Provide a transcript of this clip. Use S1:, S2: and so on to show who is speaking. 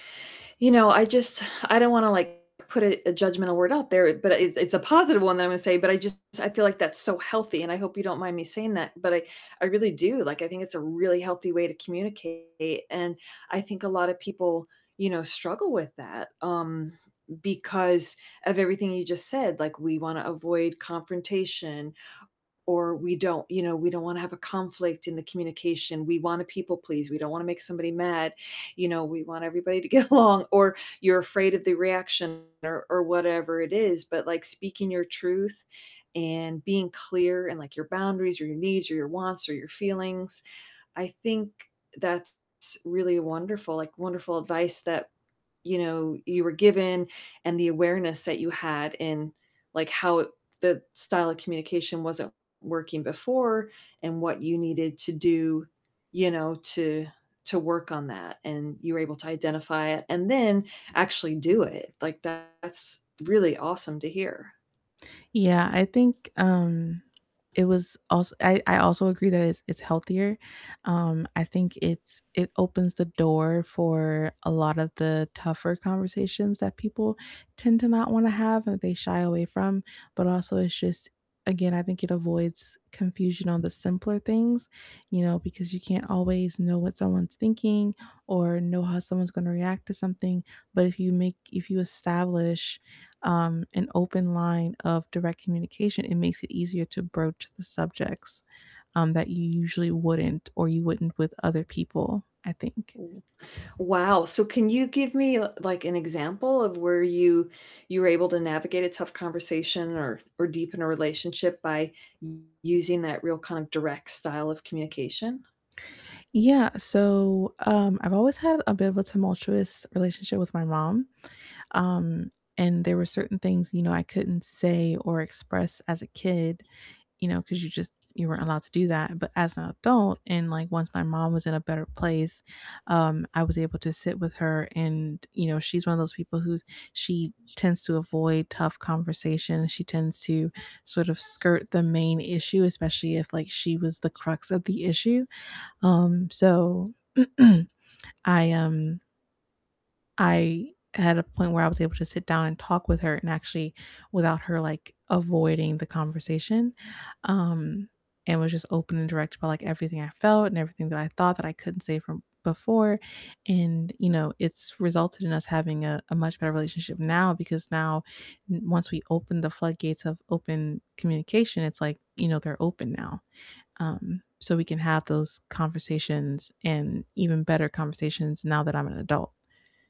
S1: You know, I just I don't wanna, like, put a a judgmental word out there, but it's it's a positive one that I'm gonna say, but I just I feel like that's so healthy, and I hope you don't mind me saying that. But I I really do, like, I think it's a really healthy way to communicate, and, I think a lot of people, you know, struggle with that, um, because of everything you just said, like, we wanna avoid confrontation, or we don't you know, we don't wanna have a conflict in the communication, we wanna people please, we don't wanna make somebody mad, you know, we want everybody to get along, or you're afraid of the reaction, or or whatever it is, but, like, speaking your truth, and being clear in, like, your boundaries, or your needs, or your wants or your feelings, I think that's really wonderful, like, wonderful advice that, you know, you were given, and the awareness that you had in, like, how the style of communication wasn't working before and what you needed to do, you know, to to work on that, and you were able to identify it and then actually do it. Like, that's really awesome to hear.
S2: Yeah, I think, um, it was als I I also agree that it's it's healthier, um, I think it's it opens the door for a lot of the tougher conversations that people tend to not wanna have, and they shy away from, but also it's just again, I think it avoids confusion on the simpler things, you know, because you can't always know what someone's thinking, or know how someone's gonna react to something, but, if you make if you establish, um, an open line of direct communication, it makes it easier to broach the subjects, um, that you usually wouldn't or you wouldn't with other people, I think.
S1: Mm, wow, so, can you give me, l like, an example of where you you were able to navigate a tough conversation or or deepen a relationship by using that real kind of direct style of communication?
S2: Yeah, so, um, I've always had a bit of a tumultuous relationship with my mom, um, and there were certain things, you know, I couldn't say or express as a kid, you know, 'cause you just you weren't allowed to do that, but as an adult, and, like, once my mom was in a better place, um, I was able to sit with her and, you know, she's one of those people who's she tends to avoid tough conversation, she tends to sort of skirt the main issue, especially if, like, she was the crux of the issue, um, so, I, um I had a point where I was able to sit down, and talk with her, and actually without her, like, avoiding the conversation, um, and was just open, and direct about, like, everything I felt and everything that I thought that I couldn't say from before, and, you know, it's resulted in us having a a much better relationship now because now n once we open the floodgates of open communication, it's like, you know, they're open now, um, so, we can have those conversations, and even better conversations now that I'm an adult.